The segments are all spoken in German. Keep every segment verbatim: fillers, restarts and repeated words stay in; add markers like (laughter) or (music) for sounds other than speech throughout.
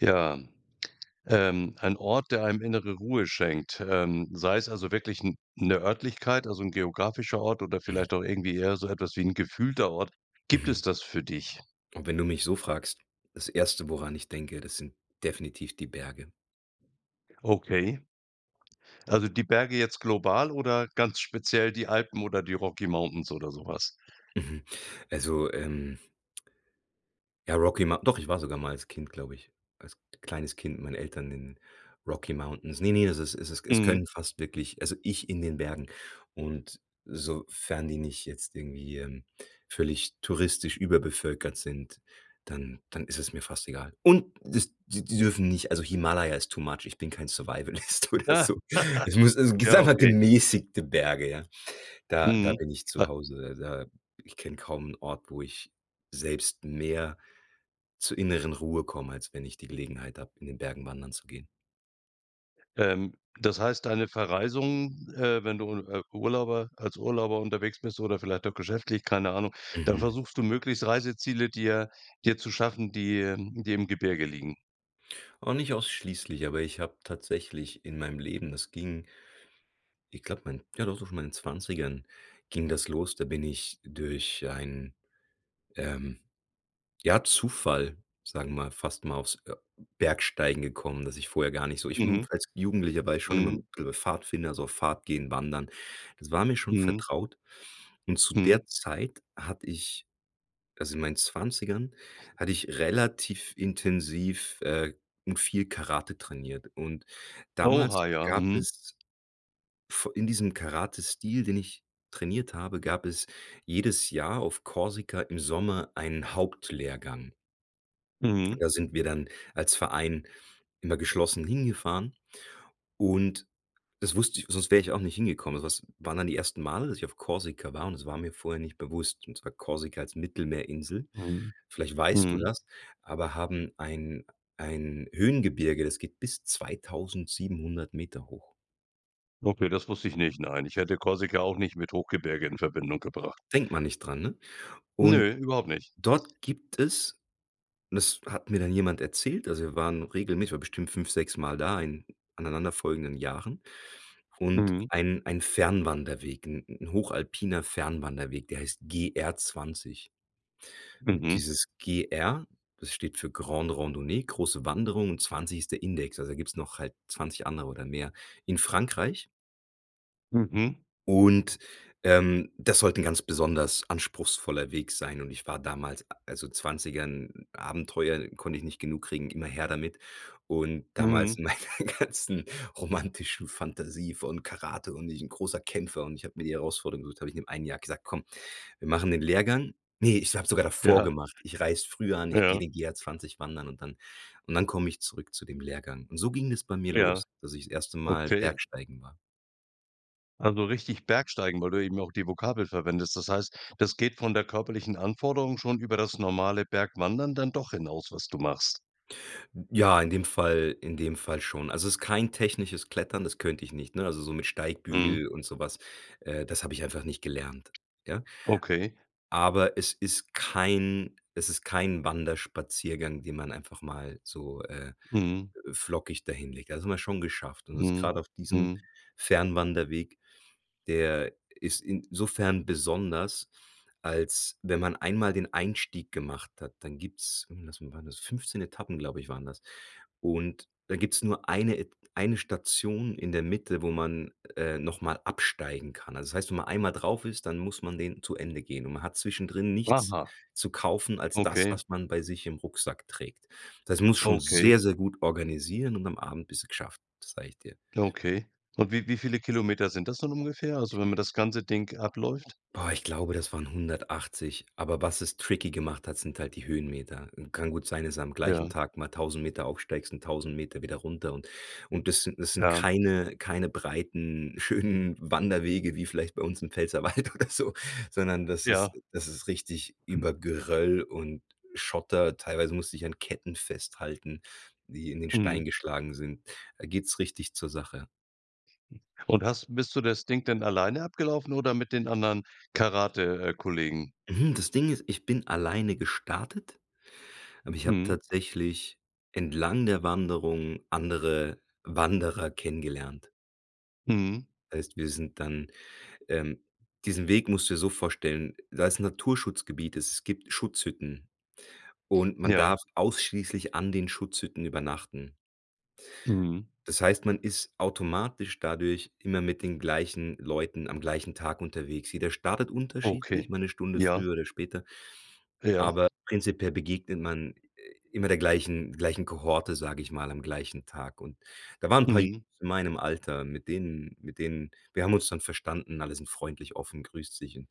Ja, ähm, ein Ort, der einem innere Ruhe schenkt, ähm, sei es also wirklich n 'ne Örtlichkeit, also 'n geografischer Ort oder Mhm. vielleicht auch irgendwie eher so etwas wie 'n gefühlter Ort. Gibt Mhm. es das für dich? Und wenn du mich so fragst, das Erste, woran ich denke, das sind definitiv die Berge. Okay. Also, die Berge jetzt global oder ganz speziell die Alpen oder die Rocky Mountains oder so was? Mhm. Also ähm ja Rocky Mou doch, ich war sogar mal als Kind, glaube ich, als kleines Kind mit meinen Eltern in Rocky Mountains. Ne, ne, das ist es ist es Mhm. können fast wirklich also ich in den Bergen und sofern die nicht jetzt irgendwie, ähm, völlig touristisch überbevölkert sind, dann dann ist es mir fast egal. Und das, die die dürfen nicht also Himalaya ist too much, ich bin kein Survivalist oder Ja. so. Es muss es g Ja, einfach okay. gemäßigte Berge, ja. Da, da Mhm, bin ich zu ah Hause, also da ich kenne kaum 'n Ort, wo ich selbst mehr zur inneren Ruhe komme, als wenn ich die Gelegenheit habe, in den Bergen wandern zu gehen. Ähm, das heißt, deine Verreisung, äh wenn du, äh, Urlauber als Urlauber unterwegs bist oder vielleicht auch geschäftlich, keine Ahnung, dann Mhm. versuchst du möglichst Reiseziele dir dir zu schaffen, die, ähm die im Gebirge liegen? Oh, nicht ausschließlich, aber ich habe tatsächlich in meinem Leben das ging ich glaube, mein ja, doch so schon in meinen zwanzigern ging das los. Da bin ich durch einen, ähm, ja, Zufall, sage mal, fast mal aufs, äh, Bergsteigen gekommen, dass ich vorher gar nicht so ich, hm Mhm, als Jugendlicher war ich schon immer (unintelligible) mhm. Pfadfinder, so auf Fahrt gehen, Wandern, das war mir schon Mhm. vertraut. Und zu Mhm. der Zeit hatte ich, also in meinen zwanzigern hatte ich relativ intensiv, äh und viel Karate trainiert und damals Oha, ja. gab Mhm. es v in diesem Karate-Stil, den ich trainiert habe, gab es jedes Jahr auf Korsika im Sommer einen Hauptlehrgang. Mhm. Da sind wir dann als Verein immer geschlossen hingefahren. Und das wusste ich sonst wär ich auch nicht hingekommen, also das waren dann die ersten Male, dass ich auf Korsika war und das war mir vorher nicht bewusst und zwar Korsika als Mittelmeerinsel, Mhm. vielleicht weißt du Mhm. das aber haben ein ein Höhengebirge, das geht bis zweitausendsiebenhundert Meter hoch. Okay, das wusste ich nicht. Nein, ich hätte Korsika auch nicht mit Hochgebirge in Verbindung gebracht. Denkt man nicht dran, ne? Und Nö, überhaupt nicht. dort gibt es und das hat mir dann jemand erzählt, also wir waren regelmäßig ich war bestimmt fünf, sechsmal da in aneinander folgenden Jahren. Und Mhm. ein ein Fernwanderweg 'n hochalpiner Fernwanderweg, der heißt GR-20. Und Mhm. dieses G-R, das steht für Grande Rendeuné, große Wanderung und zwanzig ist der Index. Also da gibt's noch halt zwanzig andere oder mehr in Frankreich. Mhm. Und, ähm, das sollte 'n ganz besonders anspruchsvoller Weg sein und ich war damals also Zwanzigern Abenteuer konnte ich nicht genug kriegen, immer her damit. Und Mhm. damals in meiner ganzen romantischen Fantasie von Karate und ich 'n großer Kämpfer und ich habe mir die Herausforderung gesucht, habe ich in dem einem Jahr gesagt: „Komm, wir machen den Lehrgang." Ne, ich habe sogar davor Ja. gemacht. Ich reise früher an, ich geh Ja. den GR-20 wandern und dann und dann komme ich zurück zu dem Lehrgang. Und so ging das bei mir Ja. los, dass ich das erste Mal Okay. Bergsteigen war. Also richtig Bergsteigen? Weil du eben auch die Vokabel verwendest. Das heißt, das geht von der körperlichen Anforderung schon über das normale Bergwandern dann doch hinaus, was du machst? Ja, in dem Fall in dem Fall schon. Also ist kein technisches Klettern, das könnte ich nicht, ne? Also so mit Mhm. Steigbügel und so was, äh, das habe ich einfach nicht gelernt, ja. Okay. Aber es ist kein es ist kein Wanderspaziergang, den man einfach mal so, äh, Mhm. flockig da hinlegt. Da sind wir schon geschafft und ist Mhm, grade auf diesem mhm. Fernwanderweg der ist in sofern besonders, als wenn man einmal den Einstieg gemacht hat, dann gibt's hm, lass mal waren das fünfzehn Etappen, glaube ich, waren das. Und da gibt's nur eine Et eine Station in der Mitte, wo man, äh, noch mal absteigen kann. Also das heißt, wenn man einmal drauf ist, dann muss man den zu Ende gehen und man hat zwischendrin nichts Aha. zu kaufen als das, Okay. was man bei sich im Rucksack trägt. Das muss schon Okay. sehr, sehr gut organisieren und am Abend bist du geschafft, sag ich dir. Okay. Und wie wie viele Kilometer sind das dann ungefähr? Also wenn man das ganze Ding abläuft? Boah, ich glaube, das waren hundertachtzig, aber was es tricky gemacht hat, sind halt die Höhenmeter. Kann gut sein, dass du am Ja. gleichen Tag mal tausend Meter aufsteigst und tausend Meter wieder runter und und das sind das sind Ja. keine keine breiten, schönen Wanderwege, wie vielleicht bei uns im Pfälzerwald oder so, sondern das ist Ja. das ist richtig Hm. über Geröll und Schotter. Teilweise musst dich an Ketten festhalten, die in den Stein Mhm. geschlagen sind. Da geht's richtig zur Sache. Und hast bist du das Ding denn alleine abgelaufen oder mit den anderen Karate äh, Kollegen? Mhm, das Ding ist, ich bin alleine gestartet, aber ich habe Mhm. tatsächlich, entlang der Wanderung, andere Wanderer kennengelernt. Mhm. Heißt, wir sind dann, ähm diesen Weg musst du dir so vorstellen, da ist Naturschutzgebiet, es gibt Schutzhütten und man darf Ja. ausschließlich an den Schutzhütten übernachten. Mhm. Das heißt, man ist automatisch dadurch immer mit den gleichen Leuten am gleichen Tag unterwegs. Jeder startet Okay. unterschiedlich, mal 'ne Stunde Ja. früher oder später, Ja. aber prinzipiell begegnet man immer der gleichen gleichen Kohorte, sage ich mal, am gleichen Tag und da waren 'n paar (unintelligible) Mhm. in meinem Alter mit denen mit denen wir haben uns dann verstanden, alle sind freundlich, offen, grüßt sich und,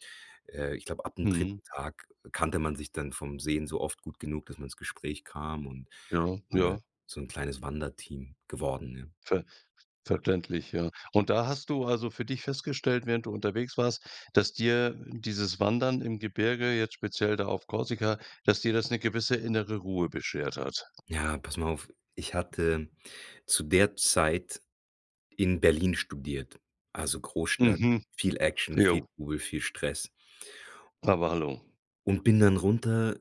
äh, ich glaube, ab dem Mhm. dritten Tag kannte man sich dann vom Sehen so oft gut genug, dass man ins Gespräch kam und Ja, alle ja. so 'n kleines Wanderteam geworden, ja. Ver verständlich, ja. Und da hast du also für dich festgestellt, während du unterwegs warst, dass dir dieses Wandern im Gebirge, jetzt speziell da auf Korsika, dass dir das 'ne gewisse innere Ruhe beschert hat? Ja, pass mal auf, ich hatte zu der Zeit in Berlin studiert, also Großstadt, Mhm. viel Action, viel Ja. Trubel, viel Stress. Aber hallo. Und bin dann runter,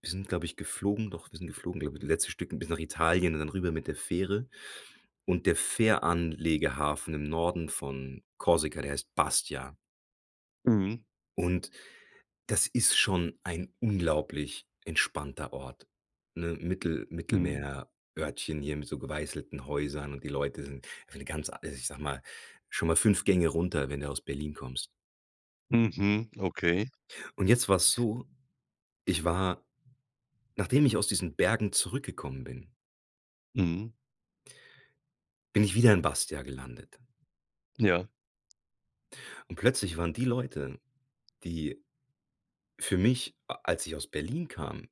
wir sind, glaube ich, geflogen doch, wir sind geflogen, glaube ich, das letzte Stück bis nach Italien und dann rüber mit der Fähre und der Fähranlegehafen im Norden von Korsika, der heißt Bastia. Mhm. Und, das ist schon ein unglaublich entspannter Ort, ne? Mittel Mhm. Mittelmeerörtchen hier mit so geweißelten Häusern und die Leute sind eine ganz also ich sage mal, schon mal fünf Gänge runter, wenn du aus Berlin kommst. Mhm. Okay. Und jetzt war es so, ich war nachdem ich aus diesen Bergen zurückgekommen bin Mhm. bin ich wieder in Bastia gelandet. Ja. Und plötzlich waren die Leute, die für mich, a als ich aus Berlin kam,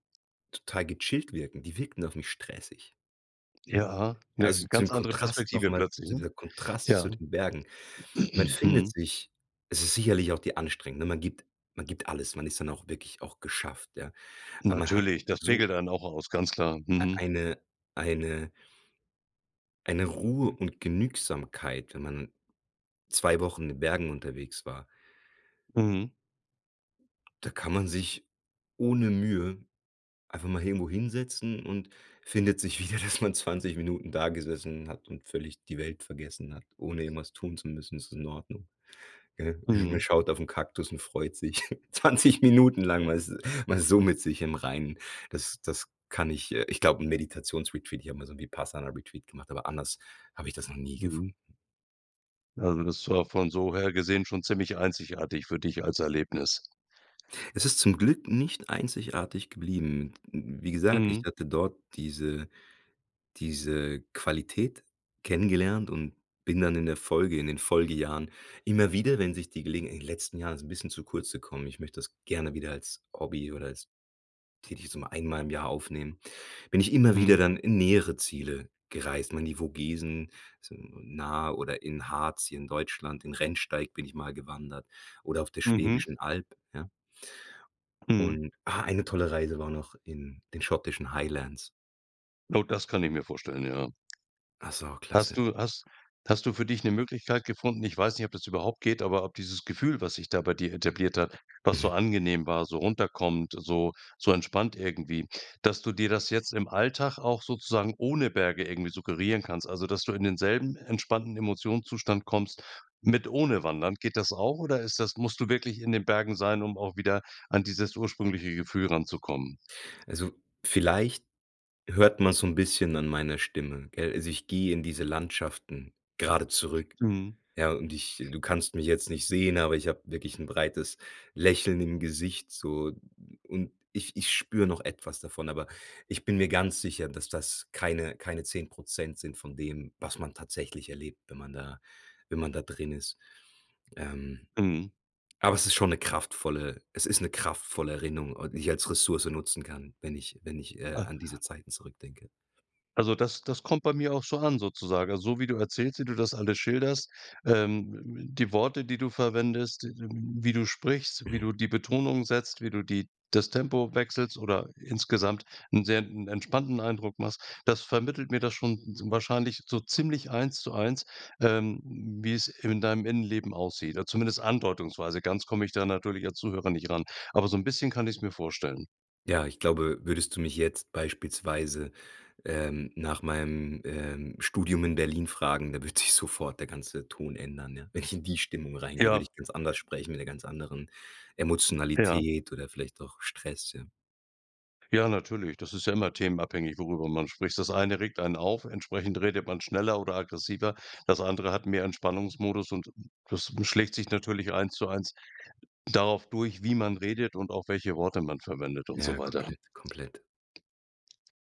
total gechillt wirken die wirkten auf mich stressig. Ja, 'ne Also ganz zum andere Kontrast noch Perspektive mal plötzlich, zu ne? dieser Kontrast Ja. zu den Bergen. Man (clears throat) findet Mhm. sich es ist sicherlich auch die Anstrengung. Man gibt man gibt alles, man ist dann auch wirklich auch geschafft, ja. Aber man hat Natürlich, das pegelt so einen auch aus, ganz klar. äh, Mhm. eine eine eine Ruhe (unintelligible) und Genügsamkeit, wenn man zwei Wochen in den Bergen unterwegs war. Mhm. Da kann man sich ohne Mühe, einfach mal irgendwo hinsetzen und findet sich wieder, dass man zwanzig Minuten da gesessen hat und völlig die Welt vergessen hat. Ohne irgendwas tun zu müssen, ist es in Ordnung, gell? Man Mhm. schaut auf 'n Kaktus und freut sich. (chuckles) zwanzig Minuten lang man ist man ist so mit sich im Reinen, das das kann ich, äh ich glaub 'n Meditations-Retreat, ich habe mal so 'n Vipassana-Retreat gemacht, aber anders hab ich das noch nie Mhm. gefunden. Also, das war von so her gesehen schon ziemlich einzigartig für dich als Erlebnis. Es ist zum Glück nicht einzigartig geblieben. (unintelligible) Wie gesagt, ich Mhm. hatte dort diese diese Qualität kennengelernt und bin dann in der Folge, in den Folgejahren, immer wieder, wenn sich die Gelegen in den letzten Jahren ist es 'n bisschen zu kurz gekommen, ich möchte das gerne wieder als Hobby oder als tätig so einmal im Jahr aufnehmen. Bin ich immer wieder Mhm. dann in nähere Ziele gereist, mal in die Vogesen, so nah oder in Harz hier in Deutschland, in Rennsteig bin ich mal gewandert oder auf der Mhm. Schwäbischen Alb, ja. Mhm. Und ah, eine tolle Reise war noch in den schottischen Highlands. Gut, das kann ich mir vorstellen, ja. Ach so, Hast klasse. du has hast du für dich 'ne Möglichkeit gefunden? Ich weiß nicht, ob das überhaupt geht, aber ob dieses Gefühl, was sich da bei dir etabliert hat, was so Mhm. angenehm war, so runterkommt, so so entspannt irgendwie, dass du dir das jetzt im Alltag auch sozusagen ohne Berge irgendwie suggerieren kannst? Also, dass du in denselben entspannten Emotionszustand kommst mit ohne Wandern. Geht das auch oder ist das musst du wirklich in den Bergen sein, um auch wieder an dieses ursprüngliche Gefühl ranzukommen? Also, vielleicht hört man so 'n bisschen an meiner Stimme, gell. Also ich gehe in diese Landschaften grade zurück, Mhm. ja, und ich du kannst mich jetzt nicht sehen, aber ich habe wirklich 'n breites Lächeln im Gesicht so und ich ich spüre noch etwas davon, aber ich bin mir ganz sicher, dass das keine keine zehn Prozent sind von dem, was man tatsächlich erlebt, wenn man da wenn man da drin ist. Ähm. Mhm. Aber es ist schon 'ne kraftvolle es ist 'ne kraftvolle Erinnung, äh, die ich als Ressource nutzen kann, wenn ich wenn ich, äh, Ah. an diese Zeiten zurückdenke. Also das das kommt bei mir auch so an sozusagen. Also, so wie du erzählst, wie du das alle schilderst, ähm, (unintelligible) die Worte, die du verwendest, (unintelligible) wie du sprichst, wie Mhm. du die Betonung setzt, wie du die das Tempo wechselst oder insgesamt 'n sehr 'n entspannten Eindruck machst, das vermittelt mir das schon (unintelligible) wahrscheinlich so ziemlich eins zu eins, ähm, wie es in deinem Innenleben aussieht. Äh, zumindest andeutungsweise. Ganz komme ich da natürlich als Zuhörer nicht ran. Aber so 'n bisschen kann ich's mir vorstellen. Ja, ich glaube, würdest du mich jetzt beispielsweise, ähm, nach meinem, ähm, Studium in Berlin fragen, da wird sich sofort der ganze Ton ändern, ja. Wenn ich in die Stimmung reingehe, Ja. würde ich ganz anders sprechen mit 'ner ganz anderen Ja. Emotionalität oder vielleicht auch Stress, ja. Ja, natürlich. Das ist ja immer themenabhängig, worüber man spricht. Das eine regt einen auf, entsprechend redet man schneller oder aggressiver. Das andere hat mehr Entspannungsmodus und das schlägt sich natürlich eins zu eins darauf durch, wie man redet und auch welche Worte man verwendet und so Ja, weiter. komplett, komplett.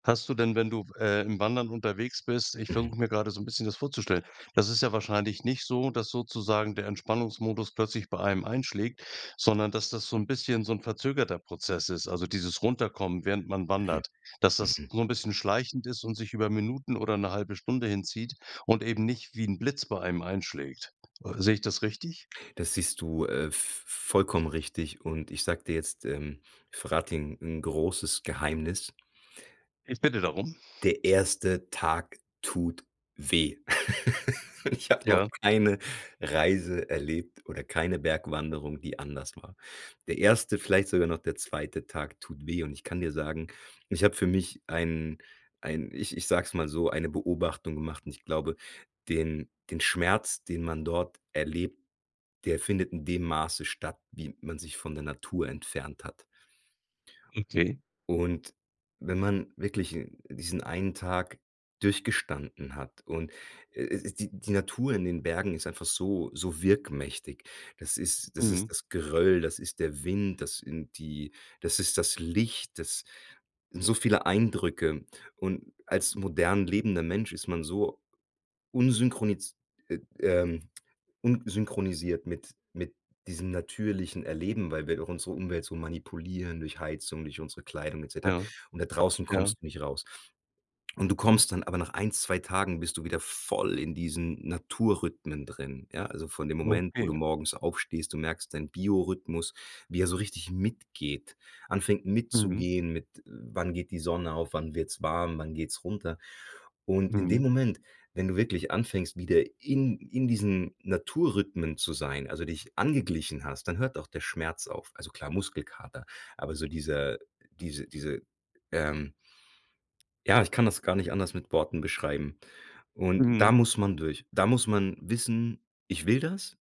Hast du denn, wenn du w äh, im Wandern unterwegs bist ich Mhm. versuche mir grade so 'n bisschen das vorzustellen. Das ist ja wahrscheinlich nicht so, dass sozusagen der Entspannungsmodus plötzlich bei einem einschlägt, sondern, dass das so 'n bisschen, so 'n verzögerter Prozess ist, also dieses Runterkommen, während man Mhm, wandert. Dass, das mhm. so 'n bisschen schleichend ist und sich über Minuten oder 'ne halbe Stunde hinzieht und eben nicht wie 'n Blitz bei einem einschlägt. Sehe ich das richtig? Das siehst du, äh, v v vollkommen richtig und ich sage dir jetzt, äh ich verrate dir 'n 'n großes Geheimnis. Ich bitte darum. Der erste Tag tut weh. (laughs) Ich habe noch Ja? keine Reise erlebt oder keine Bergwanderung, die anders war. Der erste, vielleicht sogar noch der zweite Tag tut weh und ich kann dir sagen, ich habe für mich ein ein ich ich sage es mal so, eine Beobachtung gemacht und ich glaube, den den Schmerz, den man dort erlebt, der findet in dem Maße statt, wie man sich von der Natur entfernt hat. Okay. Und wenn man wirklich 'n diesen einen Tag durchgestanden hat und, äh äh die die Natur in den Bergen ist einfach so so wirkmächtig. Das ist das ist, Mhm. das Geröll, das ist der Wind, das sind die das ist das Licht, das sind so viele Eindrücke. Und als modern lebender Mensch ist man so unsynchronisi äh, ähm, unsynchronisiert mit mit diesem natürlichen Erleben, weil wir auch unsere Umwelt so manipulieren durch Heizung, durch unsere Kleidung et cetera Ja. und da draußen Ja. kommst du nicht raus. Und du kommst dann (unintelligible) aber nach ein, zwei Tagen bist du wieder voll in diesen Naturrhythmen drin, ja. Also von dem Moment, wo du Okay. morgens aufstehst, du merkst deinen Biorhythmus, wie er so richtig mitgeht, anfängt Mhm. mitzugehen mit: Wann geht die Sonne auf, wann wird's warm, wann geht's runter. Und in dem Mhm. Moment, wenn du wirklich anfängst, wieder in in diesen Naturrhythmen zu sein, also dich angeglichen hast, dann hört auch der Schmerz auf also klar Muskelkater. Aber so diese dieser diese diese, ähm ja, ich kann das gar nicht anders mit Worten beschreiben und Mhm. da muss man durch. Da muss man wissen: „Ich will das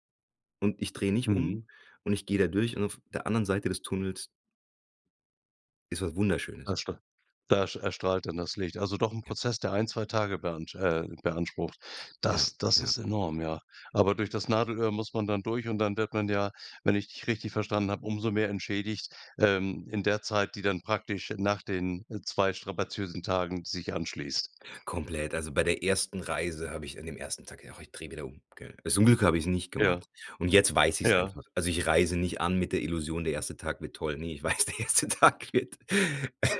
und ich drehe nicht um Mhm. und ich gehe da durch und auf der anderen Seite des Tunnels" „ist was Da Wunderschönes.“ erstra da erstrahlt dann das Licht. Also doch 'n Ja. Prozess, der ein, zwei Tage beansch äh, beansprucht. Ja, Das das ja. ist enorm, ja. Aber durch das Nadelöhr muss man dann durch und dann wird man ja, wenn ich dich richtig verstanden habe, umso mehr entschädigt, ähm, in der Zeit, die dann praktisch nach den zwei strapaziösen Tagen sich anschließt. Komplett, also bei der ersten Reise habe ich an dem ersten Tag gedacht: „Ach, ich drehe wieder um“, gell? Zum Glück habe ich's nicht Ja. gemacht und jetzt weiß ich's Ja. einfach. Also, ich reise nicht an mit der Illusion, der erste Tag wird toll. Ne, ich weiß, der erste Tag wird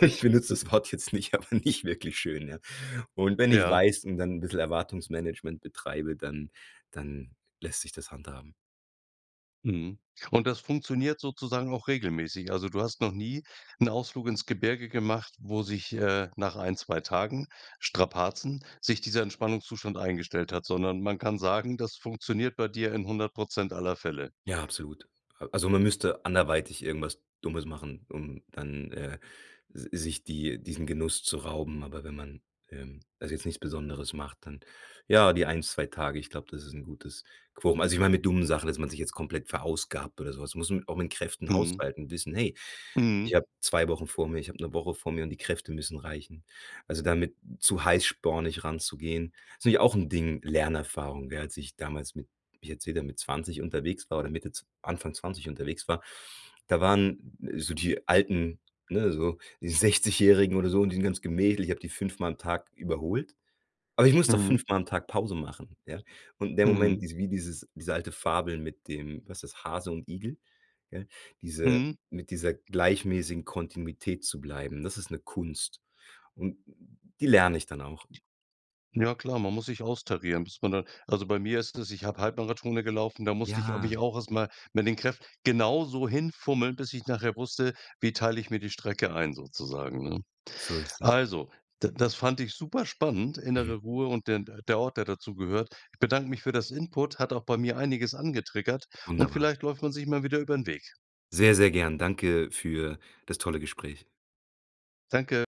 ich benutze das Wort jetzt nicht, aber nicht wirklich schön, ja. Und wenn ich's Ja. weiß und dann 'n bisschen Erwartungsmanagement betreibe, dann dann lässt sich das handhaben. Mhm. Und das funktioniert sozusagen auch regelmäßig. Also, du hast noch nie 'n Ausflug ins Gebirge gemacht, wo sich, äh, nach ein, zwei Tagen Strapazen sich dieser Entspannungszustand eingestellt hat, sondern man kann sagen, das funktioniert bei dir in einhundert Prozent aller Fälle. Ja, absolut. Äh, also man müsste anderweitig irgendwas Dummes machen, um dann, äh, s sich die diesen Genuss zu rauben, aber wenn man, ähm, also jetzt nichts Besonderes macht, dann ja, die eins, zwei Tage, ich glaube, das ist 'n gutes Quorum. Also ich meine, mit dummen Sachen, dass man sich jetzt komplett verausgabt oder so was, muss man auch mit Kräften Mhm. haushalten, wissen, hey: „Ich Mhm. habe zwei Wochen vor mir, ich hab 'ne Woche vor mir und die Kräfte müssen reichen.“ Also damit zu heißspornig ranzugehen, ist natürlich auch 'n Ding Lernerfahrung, gell, als ich damals mit (unintelligible) wieder mit zwanzig unterwegs war oder Mitte zw Anfang zwanzig unterwegs war, da waren so die alten, ne, so die Sechzigjährigen oder so und die sind ganz gemächlich ich habe die fünfmal am Tag überholt. Aber ich musste auch Mhm. fünfmal am Tag Pause machen, ja. Und der Mhm. Moment diese wie dieses diese alte Fabel mit dem, was ist das, Hase und Igel, gell? Diese Mhm. mit dieser gleichmäßigen Kontinuität zu bleiben, das ist 'ne Kunst. Und die lerne ich dann auch. Ja klar, man muss sich austarieren, bis man da also bei mir ist das, ich habe Halbmarathone gelaufen, da musste ich mich Ja. auch erst mal mit den Kräft genauso hinfummeln, bis ich nachher wusste, wie teile ich mir die Strecke ein sozusagen, ne? So ist es. Also d das fand ich super spannend, innere Mhm. Ruhe und den d der Ort, der dazugehört. Ich bedanke mich für das Input, hat auch bei mir einiges angetriggert und Wunderbar. vielleicht läuft man sich mal wieder über 'n Weg. Sehr, sehr gern. Danke für das tolle Gespräch. Danke!